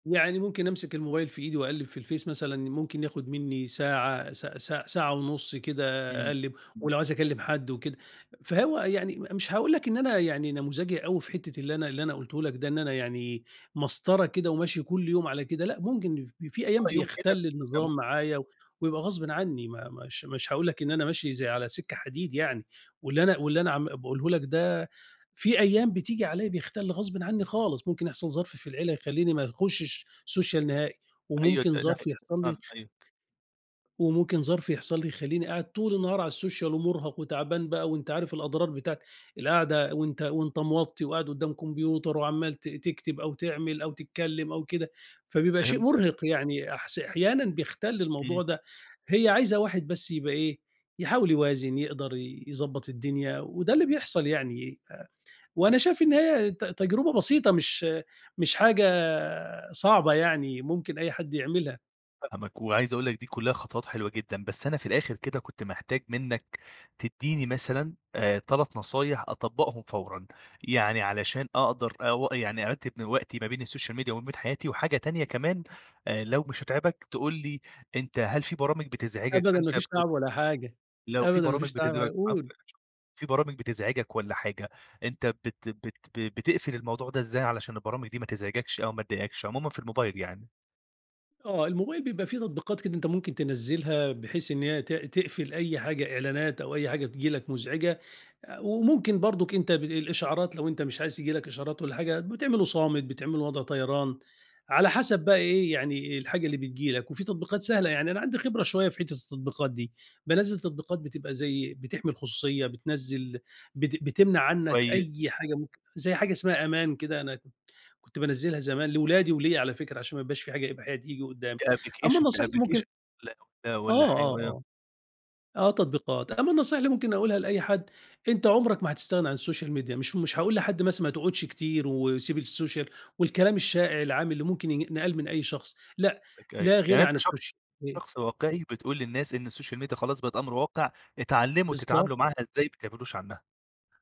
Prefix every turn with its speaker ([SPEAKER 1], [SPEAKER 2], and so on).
[SPEAKER 1] يعني ممكن أمسك الموبايل في إيدي وأقلّب في الفيس مثلًا، ممكن ياخُد منّي ساعة، س س ساعة ونُص كده
[SPEAKER 2] إمم،
[SPEAKER 1] أقلّب،
[SPEAKER 2] إمم.
[SPEAKER 1] ولو عايز أكلّم حد وكده. فهو يعني م مش هاقول لك إن أنا يعني نموذجي أوي في حتّة اللي أنا اللي أنا قُلته لك ده، إن أنا يعني مسطرة كده وماشي كل يوم على كده لأ، ممكن ف في أيام
[SPEAKER 2] آه، يوم كده،
[SPEAKER 1] بيَختَل
[SPEAKER 2] ده مم
[SPEAKER 1] النظام معايا و ويبقى غصبٍ عنّي ما مش مش هاقول لك إن أنا ماشي زي على سِكّة حديد يعني، واللي أنا واللي أنا عم باقوله لك ده، في أيام بتيجي عليّا بيَختَل غصبٍ عنّي خالص، ممكن يحصل ظرف في العيلة يخلّيني ما يخُشّش سوشيال نهائي
[SPEAKER 2] أيوه،
[SPEAKER 1] وممكن
[SPEAKER 2] ده ده حق
[SPEAKER 1] ظرف يحصل لي
[SPEAKER 2] بالضبط أيوه.
[SPEAKER 1] وممكن ظرف يحصل لي يخلّيني قاعد طول النهار على السوشيال ومُرهق وتعبان بقى وأنت عارف الأضرار بتاعة القعدة وأنت وأنت موطّي وقاعد قدّام كمبيوتر وعمّال ت تكتب أو تعمل أو تتكلّم أو كده، فبيبقى شيء
[SPEAKER 2] فهمتك.
[SPEAKER 1] مُرهق، يعني أحس أحيانا بيَختَل الموضوع
[SPEAKER 2] إمم.
[SPEAKER 1] ده. هي عايزة واحد بس يبقى إيه، يحاول يوازن، يقدر ي يضبط الدنيا وده اللي بيحصل يعني أ وأنا شايف إن هي ت تجربة بسيطة، مش مش حاجة صعبة يعني ممكن أي حد يعملها.
[SPEAKER 2] فاهمك، وعايز أقول لك دي كُلّها خطوت حلوة جدًا، بس أنا في الآخر كده كنت محتاج منّك تدّيني مثلًا، آآ 3 نصايح أطبّقهم فورًا. يعني علشان أقدر أو يعني أرتّب من وقتي ما بين السوشيال ميديا وما بين حياتي وحاجة تانية كمان أ لو مش هتعبك، تقول لي أنت هل في برامج بتزعجك
[SPEAKER 1] أبدًا، ما
[SPEAKER 2] فأنت
[SPEAKER 1] فيش
[SPEAKER 2] بت
[SPEAKER 1] تعب ولا حاجة،
[SPEAKER 2] لو في
[SPEAKER 1] أبدًا ما
[SPEAKER 2] برامج
[SPEAKER 1] فيش تعب ع
[SPEAKER 2] [unintelligible] العفو
[SPEAKER 1] قُل.
[SPEAKER 2] يا باشا، في برامج بتزعجك والَّا حاجة، أنت بت بت ب بتقفل الموضوع ده إزاي عشان البرامج دي ما تزعجكش أو ما تضايقكش، عمومًا في الموبايل يعني؟
[SPEAKER 1] آه. الموبايل بيبقى في تطبيقات كده أنت ممكن تنزّلها، بحيث إن هي ت تقفل أي حاجة إعلانات أو أي حاجة تييجي لك مزعجة. آآ، وممكن برضه أنت ب الإشعارات لو أنت مش عايز ييجي لك إشعارات والّا حاجة بتعمله صامت، بتعمله وضع طيران، على حَسَب بقى إيه، يعني الحاجة اللي بتيجي لك. وفي تطبيقات سهلة، يعني أنا عندي خبرة شوية في حتّة التطبيقات دي، بانزّل تطبيقات بتبقى زي بتحمي الخصوصية، بتنزّل بت بتمنع عنّك
[SPEAKER 2] كويس.
[SPEAKER 1] أي حاجة ممكن زي حاجة اسمها أمان كده أنا كنت كنت بانزّلها زمان لأولادي وليّا على فكرة عشان ما يبقاش في حاجة إباحية تيجي قدّامي.
[SPEAKER 2] ده
[SPEAKER 1] أمّا
[SPEAKER 2] أبلكيشن، ده
[SPEAKER 1] النصيحة اللي ممكن
[SPEAKER 2] أبلكيشن ده والَّا والَّا
[SPEAKER 1] آه،
[SPEAKER 2] ح
[SPEAKER 1] آه،
[SPEAKER 2] و
[SPEAKER 1] آه. آه تطبيقات. أمّا النصيحة اللي ممكن أقولها لأي حد، أنت عُمرك ما هتستغنى عن السوشيال ميديا. مش مش هاقول لحد مثلًا ما تقعدش كتير وسيب السوشيال والكلام الشائع، العام اللي ممكن ين ينقال من أي شخص لأ،
[SPEAKER 2] [unintelligible]
[SPEAKER 1] لا غِنَى
[SPEAKER 2] يعني
[SPEAKER 1] عن
[SPEAKER 2] أنت شخص
[SPEAKER 1] السوشيال مي
[SPEAKER 2] شخص واقعي بتقول للناس إن السوشيال ميديا خلاص بقت أمر واقع، اتعلّموا
[SPEAKER 1] بالضبط.
[SPEAKER 2] تتعاملوا معاها إزاي، ما تبعدوش عنّها.